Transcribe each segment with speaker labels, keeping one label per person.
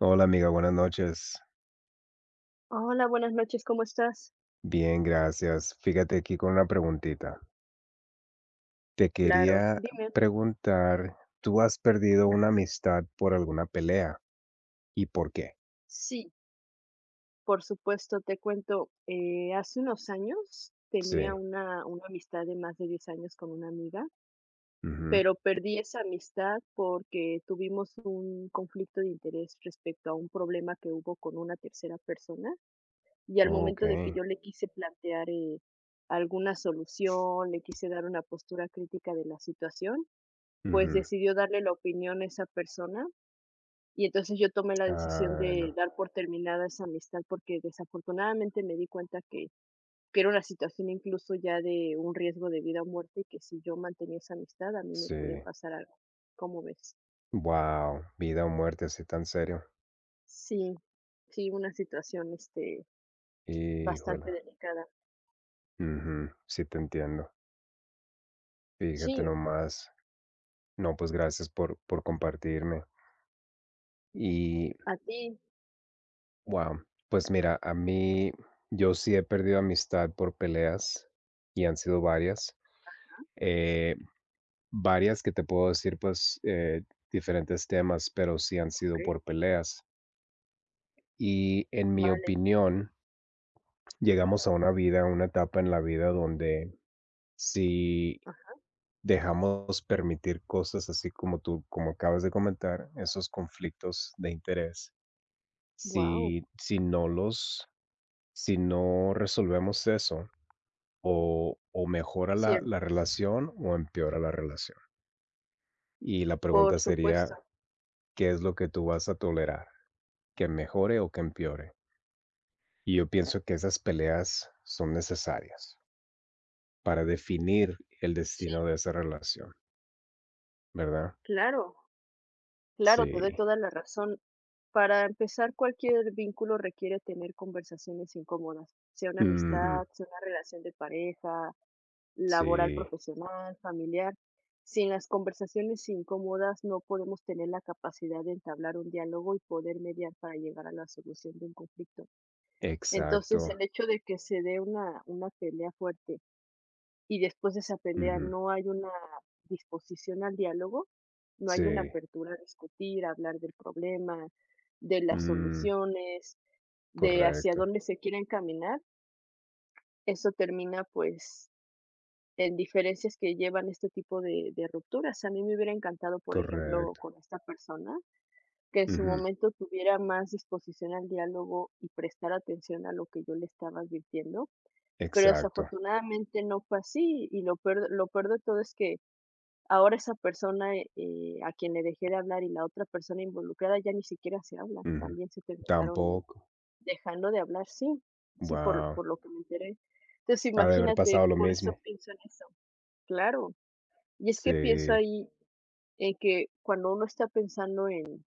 Speaker 1: Hola, amiga, buenas noches.
Speaker 2: Hola, buenas noches, ¿cómo estás?
Speaker 1: Bien, gracias. Fíjate aquí con una preguntita. Te
Speaker 2: Claro,
Speaker 1: quería
Speaker 2: dime.
Speaker 1: preguntar, ¿tú has perdido una
Speaker 2: Ajá.
Speaker 1: amistad por alguna pelea? ¿Y por qué?
Speaker 2: Sí. Por supuesto, te cuento, eh, hace unos años tenía
Speaker 1: Sí.
Speaker 2: una una amistad de más de 10 años con una amiga
Speaker 1: Ujú.
Speaker 2: pero perdí esa amistad porque tuvimos un conflicto de interés respecto a un problema que hubo con una tercera persona, y al momento de que
Speaker 1: Okey.
Speaker 2: yo le quise plantear, eh, alguna solución, le quise dar una postura crítica de la situación, pues
Speaker 1: Ujú.
Speaker 2: decidió darle la opinión a esa persona, y entonces, yo tomé la decisión
Speaker 1: Ah,
Speaker 2: de
Speaker 1: no.
Speaker 2: dar por terminada esa amistad, porque desafortunadamente me di cuenta que que era una situación, incluso, ya de un riesgo de vida o muerte y que si yo mantenía esa amistad a mí me podía
Speaker 1: Sí.
Speaker 2: pasar algo, ¿cómo ves?
Speaker 1: Guau. Vida o muerte, ¿así tan serio?
Speaker 2: Sí, sí, una situación, este,
Speaker 1: Híjole.
Speaker 2: bastante delicada.
Speaker 1: Ujú, sí, te entiendo. Fíjate
Speaker 2: Sí.
Speaker 1: nomás. No, pues, gracias por por compartirme. Y
Speaker 2: A ti.
Speaker 1: Wow, pues, mira, a mí yo sí he perdido amistad por peleas, y han sido varias,
Speaker 2: Ajá.
Speaker 1: eh, varias, que te puedo decir, pues, eh, diferentes temas, pero sí han sido
Speaker 2: Okey.
Speaker 1: por peleas. Y, en mi
Speaker 2: Vale.
Speaker 1: opinión llegamos a una vida, a una etapa en la vida donde si
Speaker 2: Aja.
Speaker 1: dejamos permitir cosas así como tú, como acabas de comentar, esos conflictos de interés,
Speaker 2: Guau.
Speaker 1: si si no los si no resolvemos eso o o mejora la la
Speaker 2: Cierto.
Speaker 1: relación o empeora la relación. Y la
Speaker 2: Por
Speaker 1: pregunta
Speaker 2: supuesto.
Speaker 1: sería, ¿qué es lo que tú vas a tolerar? ¿Que mejore o que empeore? Y yo pienso que esas peleas son necesarias para definir el destino
Speaker 2: Sí.
Speaker 1: de esa relación. ¿Verdad?
Speaker 2: Claro. Claro, te doy
Speaker 1: Sí.
Speaker 2: toda la razón. Para empezar, cualquier vínculo requiere tener conversaciones incómodas, sea una amistad,
Speaker 1: Ujú.
Speaker 2: sea una relación de pareja, laboral,
Speaker 1: Sí.
Speaker 2: profesional, familiar. Sin las conversaciones incómodas, no podemos tener la capacidad de entablar un diálogo y poder mediar para llegar a la solución de un conflicto. Entonces,
Speaker 1: Exacto.
Speaker 2: el hecho de que se dé una una pelea fuerte y después de esa pelea
Speaker 1: Ujú.
Speaker 2: no hay una disposición al diálogo, no hay una
Speaker 1: Sí.
Speaker 2: apertura a discutir, hablar del problema, de las
Speaker 1: Mm.
Speaker 2: soluciones, de hacia
Speaker 1: Correcto.
Speaker 2: dónde se quiere encaminar. Eso termina, pues, en diferencias que llevan a este tipo de de rupturas. A mí me hubiera encantado, por ejemplo,
Speaker 1: Correcto.
Speaker 2: con esta persona, que en su
Speaker 1: Ujú.
Speaker 2: momento tuviera más disposición al diálogo y prestar atención a lo que yo le estaba advirtiendo, pero,
Speaker 1: Exacto.
Speaker 2: desafortunadamente, no fue así, y lo peor lo peor de todo es que ahora esa persona, e eh, a quien le dejé de hablar y la otra persona involucrada ya ni siquiera se hablan,
Speaker 1: Ujú.
Speaker 2: también se terminaron, eh,
Speaker 1: Tampoco.
Speaker 2: dejando de hablar. Sí, sí, por l
Speaker 1: Wao.
Speaker 2: por lo que me enteré. Entonces,
Speaker 1: Ha de haber
Speaker 2: imagínate,
Speaker 1: pasado lo
Speaker 2: por eso
Speaker 1: mismo.
Speaker 2: pienso en eso. Claro. Y es que pienso
Speaker 1: Sí.
Speaker 2: ahí en que cuando uno está pensando en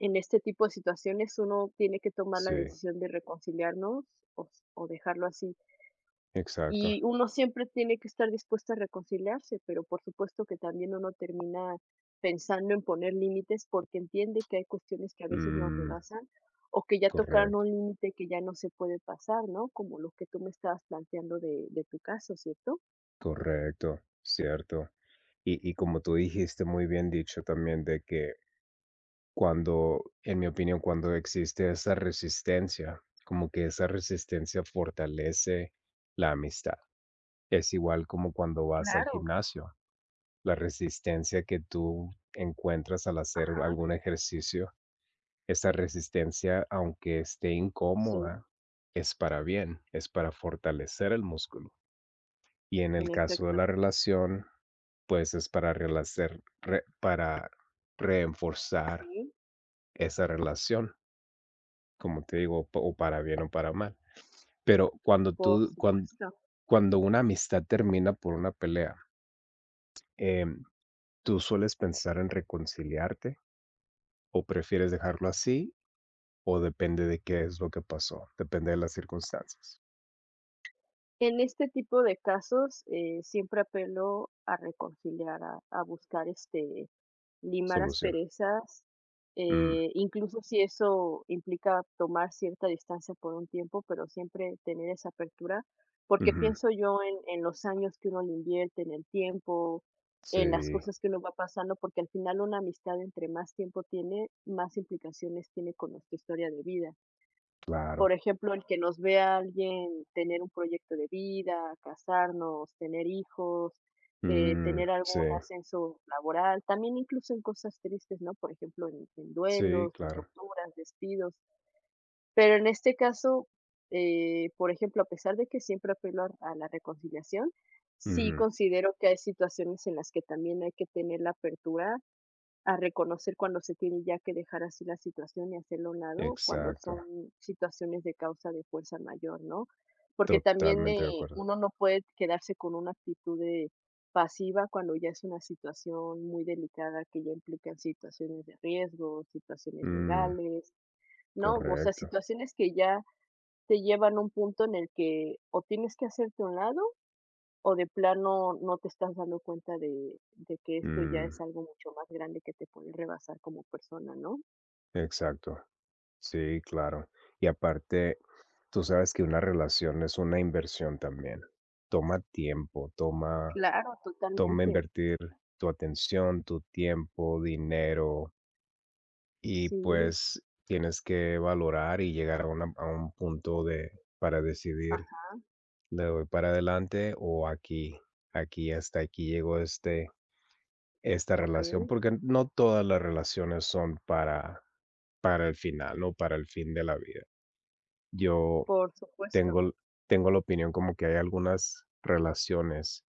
Speaker 2: en este tipo de situaciones uno tiene que tomar la
Speaker 1: Sí.
Speaker 2: decisión de reconciliarnos o s o dejarlo así.
Speaker 1: Exacto.
Speaker 2: Y uno siempre tiene que estar dispuesto a reconciliarse, pero por supuesto que también uno termina pensando en poner límites, porque entiende que hay cuestiones que a veces nos
Speaker 1: Mm.
Speaker 2: rebasan o que ya tocaron un
Speaker 1: Correcto.
Speaker 2: límite que ya no se puede pasar, ¿no? Como lo que tú me estabas planteando de de tu caso. ¿Cierto?
Speaker 1: Correcto, cierto. Y y como tú dijiste, muy bien dicho también de que cuando, en mi opinión, cuando existe esa resistencia, como que esa resistencia fortalece la amistad. Es igual como cuando vas al
Speaker 2: Claro.
Speaker 1: gimnasio, la resistencia que tú encuentras al hacer
Speaker 2: Ajá.
Speaker 1: algún ejercicio, esa resistencia, aunque esté
Speaker 2: Sí.
Speaker 1: incómoda, es para bien, es para fortalecer el músculo. Y en
Speaker 2: En
Speaker 1: el caso de
Speaker 2: efecto.
Speaker 1: la relación, pues, es para relacer re para reforzar
Speaker 2: Sí.
Speaker 1: esa relación como te digo, o o para bien o para mal. Pero, cuando
Speaker 2: Por
Speaker 1: tú cuan
Speaker 2: supuesto.
Speaker 1: cuando una amistad termina por una pelea em, ¿tú sueles pensar en reconciliarte, o prefieres dejarlo así, o depende de qué es lo que pasó, depende de las circunstancias?
Speaker 2: En este tipo de casos, eh, siempre apelo a reconciliar, a a buscar, este, limar
Speaker 1: Solución.
Speaker 2: asperezas,
Speaker 1: Mm.
Speaker 2: eh, incluso si eso implica tomar cierta distancia por un tiempo, pero siempre tener esa apertura, porque
Speaker 1: Ujú.
Speaker 2: pienso yo en en los años que uno le invierte, en el tiempo, en las
Speaker 1: Si.
Speaker 2: cosas que uno va pasando, porque al final una amistad, entre más tiempo tiene, más implicaciones tiene con nuestra historia de vida. Por
Speaker 1: Claro.
Speaker 2: ejemplo, el que nos vea alguien tener un proyecto de vida, casarnos, tener hijos, eh,
Speaker 1: Mm,
Speaker 2: tener algún
Speaker 1: sí.
Speaker 2: ascenso laboral, también incluso en cosas tristes, ¿no? Por ejemplo, en en
Speaker 1: Sí,
Speaker 2: duelos, en
Speaker 1: claro.
Speaker 2: rupturas, despidos. Pero en este caso, eh, por ejemplo, a pesar de que siempre apelo a l a la reconciliación, sí
Speaker 1: Ujú.
Speaker 2: considero que hay situaciones en las que también hay que tener la apertura a reconocer cuando se tiene ya que dejar así la situación y hacerlo a un lado cuando
Speaker 1: Exacto.
Speaker 2: son situaciones de causa de fuerza mayor, ¿no? Porque también
Speaker 1: Totalmente de
Speaker 2: eh,
Speaker 1: acuerdo.
Speaker 2: uno no puede quedarse con una actitud de pasiva, cuando ya es una situación muy delicada que ya implican situaciones de riesgo, situaciones
Speaker 1: Mm.
Speaker 2: legales, ¿no? O sea,
Speaker 1: Correcto.
Speaker 2: situaciones que ya te llevan un punto en el que, o tienes que hacerte a un lado o de plano no te estás dando cuenta de de que esto ya es
Speaker 1: Mm.
Speaker 2: algo mucho más grande, que te pueden rebasar como persona, ¿no?
Speaker 1: Exacto. Sí, claro, y aparte, tú sabes que una relación es una inversión también, toma tiempo, toma
Speaker 2: Claro,
Speaker 1: toma
Speaker 2: totalmente.
Speaker 1: invertir tu atención, tu tiempo, dinero. Y
Speaker 2: Sí.
Speaker 1: pues, tienes que valorar y llegar a una a un punto de para decidir,
Speaker 2: Ajá.
Speaker 1: le doy para adelante o aquí aquí hasta aquí llegó este esta relación,
Speaker 2: Okey.
Speaker 1: porque no todas las relaciones son para para el final, no para el fin de la vida. Yo
Speaker 2: Por
Speaker 1: tengo
Speaker 2: supuesto.
Speaker 1: l tengo la opinión como que hay algunas relaciones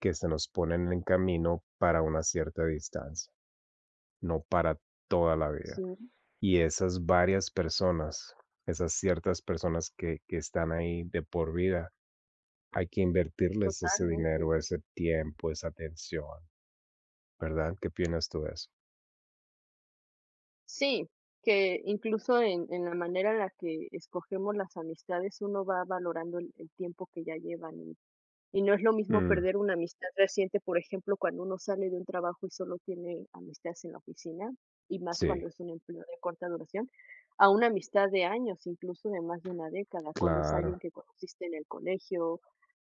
Speaker 1: que se nos ponen en camino para una cierta distancia, no para toda la vida,
Speaker 2: Sí.
Speaker 1: y esas varias personas, esas ciertas personas que que están ahí de por vida, hay que invertirles ese
Speaker 2: Totalmente.
Speaker 1: dinero, ese tiempo, esa atención, ¿verdad? ¿Qué opinas tú de eso?
Speaker 2: Sí, que incluso en en la manera en la que escogemos las amistades uno va valorando el el tiempo que ya llevan, y no es lo mismo
Speaker 1: Mm.
Speaker 2: perder una amistad reciente, por ejemplo, cuando uno sale de un trabajo y solo tiene amistades en la oficina, y más
Speaker 1: Sí.
Speaker 2: cuando es un empleo de corta duración, a una amistad de años, incluso de más de una década, cuando es alguien
Speaker 1: Claro.
Speaker 2: que conociste en el colegio,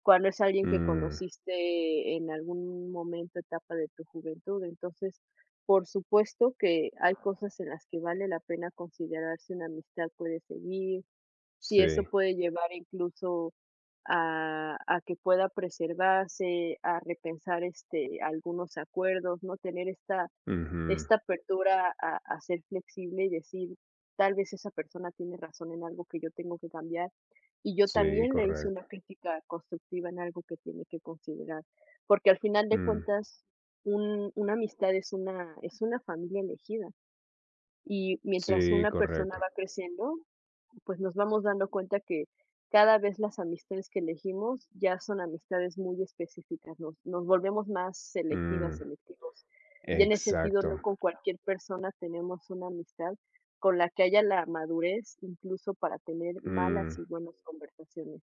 Speaker 2: cuando es alguien que
Speaker 1: Mm.
Speaker 2: conociste en algún momento, etapa de tu juventud, entonces, por supuesto que hay cosas en las que vale la pena considerar si una amistad puede seguir, si eso
Speaker 1: Sí.
Speaker 2: puede llevar incluso a a que pueda preservarse, a repensar, este, algunos acuerdos, ¿no?, tener esta
Speaker 1: Ujú.
Speaker 2: esta apertura a a ser flexible y decir, tal vez esa persona tiene razón en algo que yo tengo que cambiar, y yo
Speaker 1: Sí,
Speaker 2: también le hice una
Speaker 1: correcto.
Speaker 2: crítica constructiva en algo que tiene que considerar, porque al final de
Speaker 1: Mm.
Speaker 2: cuentas un una amistad es una es una familia elegida, y mientras
Speaker 1: Sí,
Speaker 2: una persona
Speaker 1: correcto.
Speaker 2: va creciendo, pues nos vamos dando cuenta que cada vez las amistades que elegimos ya son amistades muy específicas, nos nos volvemos más selectivas,
Speaker 1: Mm.
Speaker 2: selectivos, y en ese sentido, no
Speaker 1: Exacto.
Speaker 2: con cualquier persona tenemos una amistad con la que haya la madurez, incluso para tener malas
Speaker 1: Mm.
Speaker 2: y buenas conversaciones,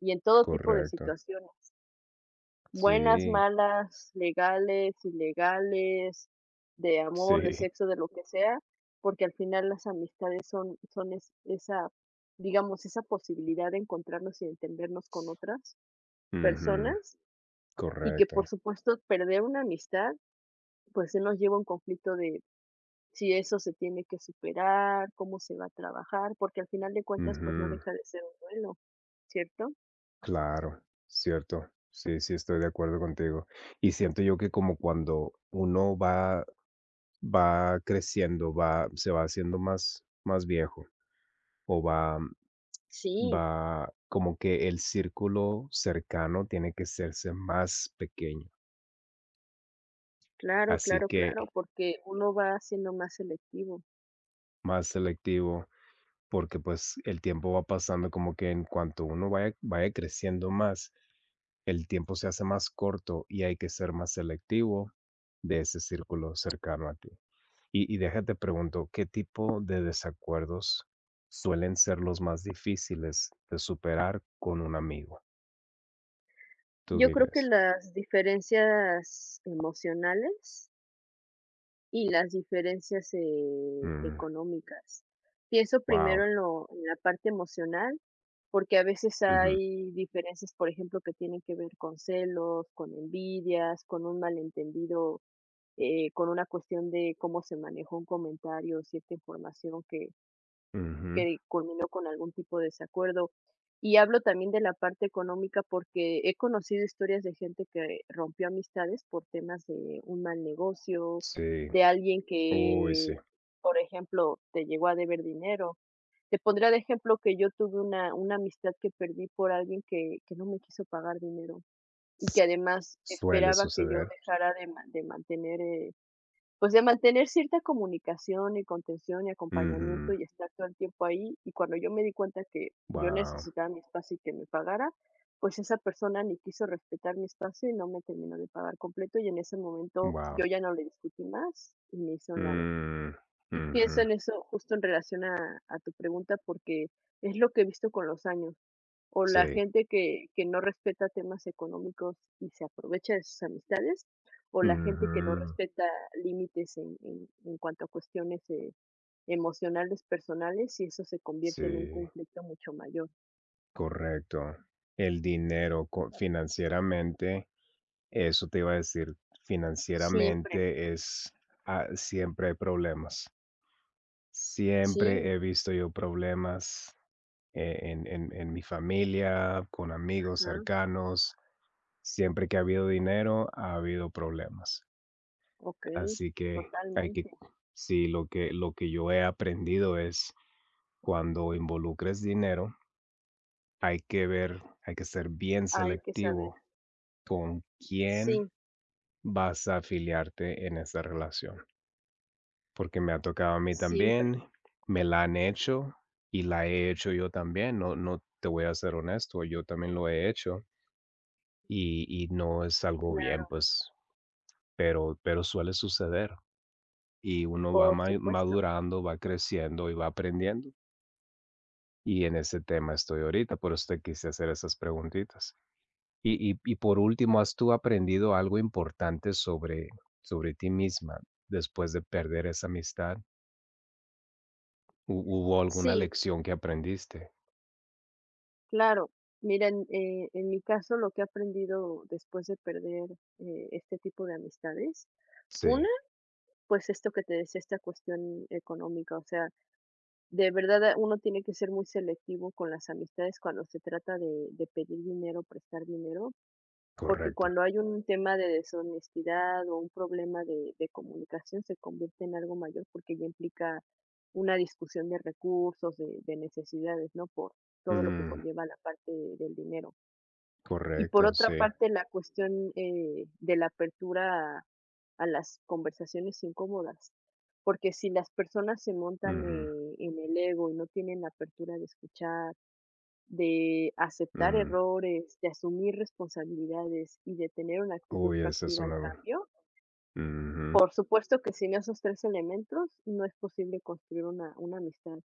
Speaker 2: y en todo tipo de
Speaker 1: Correcto.
Speaker 2: situaciones. Buenas,
Speaker 1: Sí.
Speaker 2: malas, legales, ilegales, de amor, de
Speaker 1: Sí.
Speaker 2: sexo, de lo que sea, porque al final las amistades son son es esa, digamos, esa posibilidad de encontrarnos y entendernos con otras
Speaker 1: Ujú.
Speaker 2: personas, y que
Speaker 1: Correcto.
Speaker 2: por supuesto perder una amistad, pues, si nos lleva a un conflicto de si eso se tiene que superar, cómo se va a trabajar, porque al final de cuentas, pues, no
Speaker 1: Ujú.
Speaker 2: deja de ser un duelo, ¿cierto?
Speaker 1: Claro, cierto. Sí, sí estoy de acuerdo contigo. Y siento yo que como cuando uno va va creciendo, va se va haciendo más más viejo, o va, mm
Speaker 2: Sí.
Speaker 1: va como que el círculo cercano tiene que hacerse más pequeño.
Speaker 2: Claro,
Speaker 1: Así
Speaker 2: claro,
Speaker 1: que
Speaker 2: claro, porque uno va siendo más selectivo.
Speaker 1: Más selectivo, porque, pues, el tiempo va pasando como que en cuanto uno va e va creciendo más, el tiempo se hace más corto y hay que ser más selectivo de ese círculo cercano a ti. Y y deja te pregunto, ¿qué tipo de desacuerdos suelen ser los más difíciles de superar con un amigo? ¿Tú
Speaker 2: Yo
Speaker 1: qué
Speaker 2: creo que
Speaker 1: crees?
Speaker 2: las diferencias emocionales y las diferencias, eh,
Speaker 1: Mm.
Speaker 2: económicas. Pienso primero
Speaker 1: Guau.
Speaker 2: en lo en la parte emocional, porque a veces
Speaker 1: Ujú.
Speaker 2: hay diferencias, por ejemplo, que tienen que ver con celos, con envidias, con un malentendido, eh, con una cuestión de cómo se manejó un comentario, cierta información que
Speaker 1: Ujú.
Speaker 2: que culminó con algún tipo de desacuerdo. Y hablo también de la parte económica, porque he conocido historias de gente que rompió amistades por temas de un mal negocio,
Speaker 1: Sí.
Speaker 2: de alguien
Speaker 1: Uy, sí.
Speaker 2: que, por ejemplo, te llegó a deber dinero. Te pondré de ejemplo que yo tuve una una amistad que perdí por alguien que que no me quiso pagar dinero y que además
Speaker 1: Suele
Speaker 2: esperaba que yo
Speaker 1: suceder.
Speaker 2: dejara de ma de mantener, eh, pues, de mantener cierta comunicación, y contención, y acompañamiento
Speaker 1: Ujú.
Speaker 2: y estar todo el tiempo ahí, y cuando yo me di cuenta que yo
Speaker 1: Guau.
Speaker 2: necesitaba mi espacio y que me pagara, pues esa persona ni quiso respetar mi espacio y no me terminó de pagar completo, y en ese momento yo
Speaker 1: Guau.
Speaker 2: ya no le discutí más, y me hice a un lado.
Speaker 1: Mm.
Speaker 2: Pienso
Speaker 1: Ujú.
Speaker 2: en eso justo en relación a a tu pregunta, porque es lo que he visto con los años, con la
Speaker 1: Sí.
Speaker 2: gente que que no respeta temas económicos y se aprovecha de sus amistades, o la gente que no
Speaker 1: Ujú.
Speaker 2: respeta límites en en en cuanto a cuestiones, eh, emocionales, personales y eso se convierte en un
Speaker 1: Sí.
Speaker 2: conflicto mucho mayor.
Speaker 1: Correcto. El dinero con financieramente, eso te iba a decir.
Speaker 2: Siempre.
Speaker 1: Financieramente es ah, siempre hay problemas. Siempre
Speaker 2: Sí.
Speaker 1: he visto yo problemas, eh, en en en mi familia, con amigos
Speaker 2: Ajá.
Speaker 1: cercanos. Siempre que ha habido dinero, ha habido problemas.
Speaker 2: Okey,
Speaker 1: Así que hay que
Speaker 2: totalmente.
Speaker 1: Sí, lo que lo que yo he aprendido es cuando involucres dinero hay que ver hay que ser bien
Speaker 2: Hay que saber.
Speaker 1: selectivo con quién
Speaker 2: Sí.
Speaker 1: vas a afiliarte en esa relación. Porque me ha tocado a mí
Speaker 2: Siempre.
Speaker 1: también, me la han hecho. Y la he hecho yo también. No, no, te voy a ser honesto, yo también lo he hecho. Y y no es algo bien,
Speaker 2: Claro.
Speaker 1: pues, pero pero suele suceder y uno va
Speaker 2: Por
Speaker 1: mae
Speaker 2: supuesto.
Speaker 1: madurando, va creciendo y va aprendiendo. Y en ese tema estoy ahorita, por eso te quise hacer esas preguntitas. Y y y por último, ¿has tú aprendido algo importante sobre sobre ti misma, después de perder esa amistad? ¿Hu hubo alguna
Speaker 2: Sí.
Speaker 1: lección que aprendiste?
Speaker 2: Claro, miren, eh, en mi caso lo que he aprendido después de perder este tipo de amistades, una,
Speaker 1: Sí.
Speaker 2: pues, esto que te decía, esta cuestión económica. O sea, de verdad, uno tiene que ser muy selectivo con las amistades cuando se trata de de pedir dinero, prestar dinero, porque
Speaker 1: Correcto.
Speaker 2: cuando hay un tema de deshonestidad, o un problema de de comunicación, se convierte en algo mayor, porque ya implica una discusión de recursos, de de necesidades, ¿no? Por todo lo que
Speaker 1: Ujú.
Speaker 2: conlleva la parte del dinero. Y por
Speaker 1: Correcto,
Speaker 2: otra
Speaker 1: sí.
Speaker 2: parte, la cuestión, eh, de la apertura a las conversaciones incómodas, porque si las personas se montan,
Speaker 1: Ujú.
Speaker 2: eh, en el ego, y no tienen la apertura de escuchar, de aceptar
Speaker 1: Uh.
Speaker 2: errores, de asumir responsabilidades, y de tener una actitud
Speaker 1: Uy eso es
Speaker 2: proactiva al
Speaker 1: sanador.
Speaker 2: cambio.
Speaker 1: Ujú.
Speaker 2: Por supuesto que, sin esos 3 elementos no es posible construir una una amistad.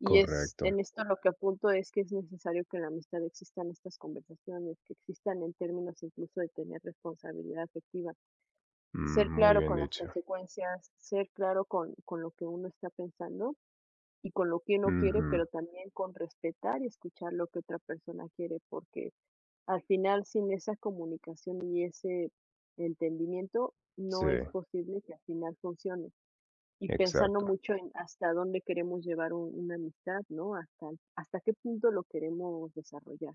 Speaker 2: Y es
Speaker 1: Correcto.
Speaker 2: en esto lo que apunto es que es necesario que en la amistad existan estas conversaciones, que existan en términos, incluso de tener responsabilidad efectiva.
Speaker 1: Mm,
Speaker 2: Ser
Speaker 1: muy
Speaker 2: claro
Speaker 1: bien
Speaker 2: con las
Speaker 1: dicho.
Speaker 2: consecuencias, ser claro con, con lo que uno está pensando, y con lo que uno quiere, pero
Speaker 1: Ujú.
Speaker 2: también con respetar, y escuchar lo que otra persona quiere. Porque, al final sin esa comunicación y ese entendimiento,
Speaker 1: Sí.
Speaker 2: no es posible que al final funcione. Y pensando
Speaker 1: Exacto.
Speaker 2: mucho en hasta dónde queremos llevar un una amistad, ¿no? Hasta hasta qué punto lo queremos desarrollar.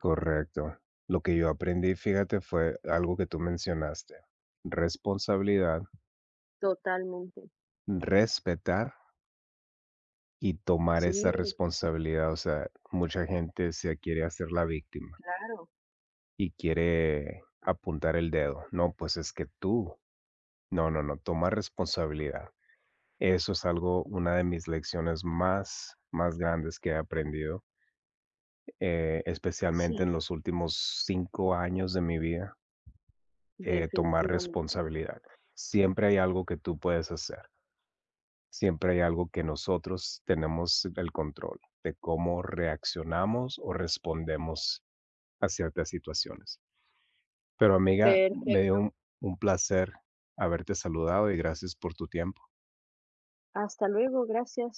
Speaker 1: Correcto. Lo que yo aprendí fíjate fue algo que tú mencionaste, responsabilidad.
Speaker 2: Totalmente.
Speaker 1: Respetar. Y tomar esa
Speaker 2: Sí.
Speaker 1: responsabilidad. O sea, mucha gente se quiere hacer la víctima.
Speaker 2: Claro.
Speaker 1: Y quiere apuntar el dedo. No, pues, es que tú. No, no, no, toma responsabilidad. Eso es algo una de mis lecciones más, más grandes que he aprendido. Eh, especialmente
Speaker 2: Sí.
Speaker 1: en los últimos 5 años de mi vida. Eh, tomar
Speaker 2: Definitivamente.
Speaker 1: responsabilidad. Siempre hay algo que tú puedes hacer. Siempre hay algo que nosotros tenemos el control de cómo reaccionamos, o respondemos a ciertas situaciones. Pero amiga, me dio
Speaker 2: Perfecto.
Speaker 1: un un placer haberte saludado, y gracias por tu tiempo.
Speaker 2: Hasta luego, gracias.